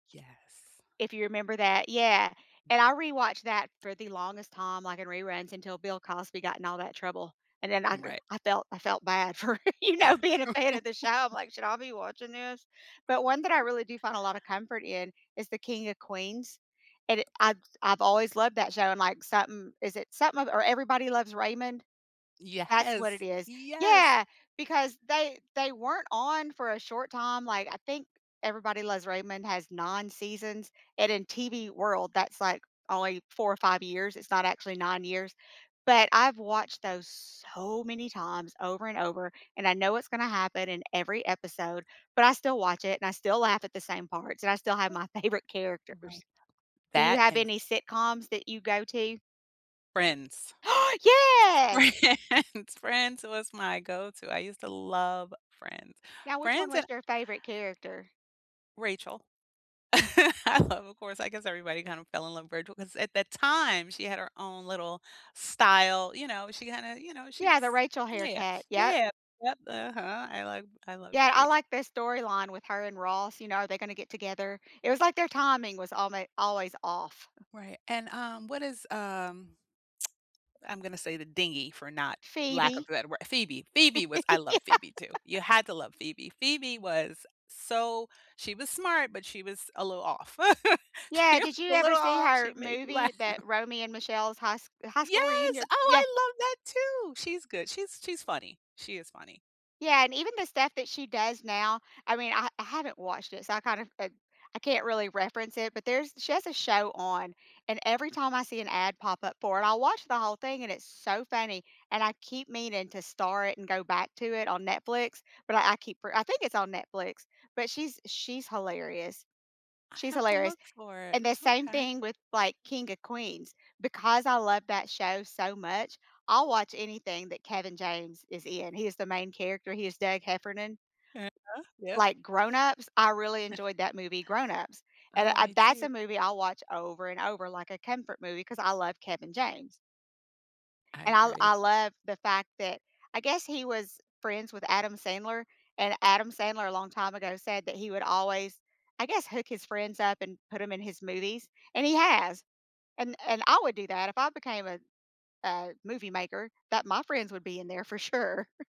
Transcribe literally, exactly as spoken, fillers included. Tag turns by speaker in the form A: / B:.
A: Yes.
B: If you remember that yeah, and I rewatched that for the longest time, like, in reruns until Bill Cosby got in all that trouble, and then I go
A: Right.
B: I felt I felt bad for, you know, being a fan of the show. I'm, like, "Should I be watching this?" But one that I really do find a lotta comfort in is the King of Queens. And it I've s I've always loved that show and, like, something is it something of or Everybody Loves Raymond? That's what it
A: Yes.
B: is.
A: Yes.
B: Yeah, because they they weren't on for a short time, like, I think Everybody Loves Raymond has nine seasons, and in TV world, that's, like, only four or five years. It's not actually nine years. But I've watched those so many times over and over, and I know what's gonna happen in every episode, but I still watch it, and I still laugh at the same parts, and I still have my favorite
A: Right.
B: characters. Do you
A: That
B: have
A: and
B: any sitcoms that you go to?
A: Friends.
B: Yes!
A: Friends. Friends was my go to. I used to love Friends.
B: Now which one
A: Friends
B: was
A: and
B: your favorite character?
A: Rachel. I love of course, I guess everybody kinda fell in love with Rachel 'cause at that time, she had her own little style, you know? She had a you know, she was
B: Yeah. The Rachel
A: Yeah,
B: haircut. Yep.
A: yeah. Yep. What uh-huh. I love I love
B: Yeah. I
A: Rach
B: like the storyline with her and Ross, you know, are they gonna get together? It was like their timing was almo always off.
A: Right. And, um, what is um I'm gonna say the dingy for not lack of
B: Phoebe.
A: that wor Phoebe. Phoebe was I love Phoebe, too.
B: Yeah.
A: You had to love Phoebe. Phoebe was so she was smart, but she was a little off. She
B: Yeah. Did
A: was
B: you
A: a
B: ever
A: little
B: see
A: off.
B: her
A: She made me
B: movie
A: laugh.
B: that Romy and Michelle's High S High
A: Yes.
B: School
A: Oh,
B: Reunion? Yeah.
A: I love that too. She's good. She's she's funny. She is funny.
B: Yeah, and even the stuff that she does now, I mean, I I haven't watched it, so, I kind of and I can't really reference it, but there's she has a show on, and every time I see an ad pop up for it, I'll watch the whole thing, and it's so funny. And I keep meaning to star it and go back to it on Netflix, but I I keep I think it's on Netflix, but she's she's hilarious
A: I
B: she's
A: have to
B: hilarious,
A: look for it.
B: and the same
A: Okay.
B: thing with, like, King of Queens. Because I love that show so much I'll watch anything that Kevin James is in. He is the main character. He is Doug Heffernan.
A: Yeah, yep.
B: Like, Grown Ups, I really enjoyed that movie, Grown Ups. And
A: Oh,
B: I
A: me
B: that's
A: too.
B: a movie I'll watch over and over like a comfort movie 'cause I love Kevin James.
A: I
B: And I l
A: agree.
B: I love the fact that I guess he was friends with Adam Sandler, and Adam Sandler a long time ago said that he would always, I guess, hook his friends up and put them in his movies, and he has. And and I would do that if I became a a movie maker that my friends would be in there for sure.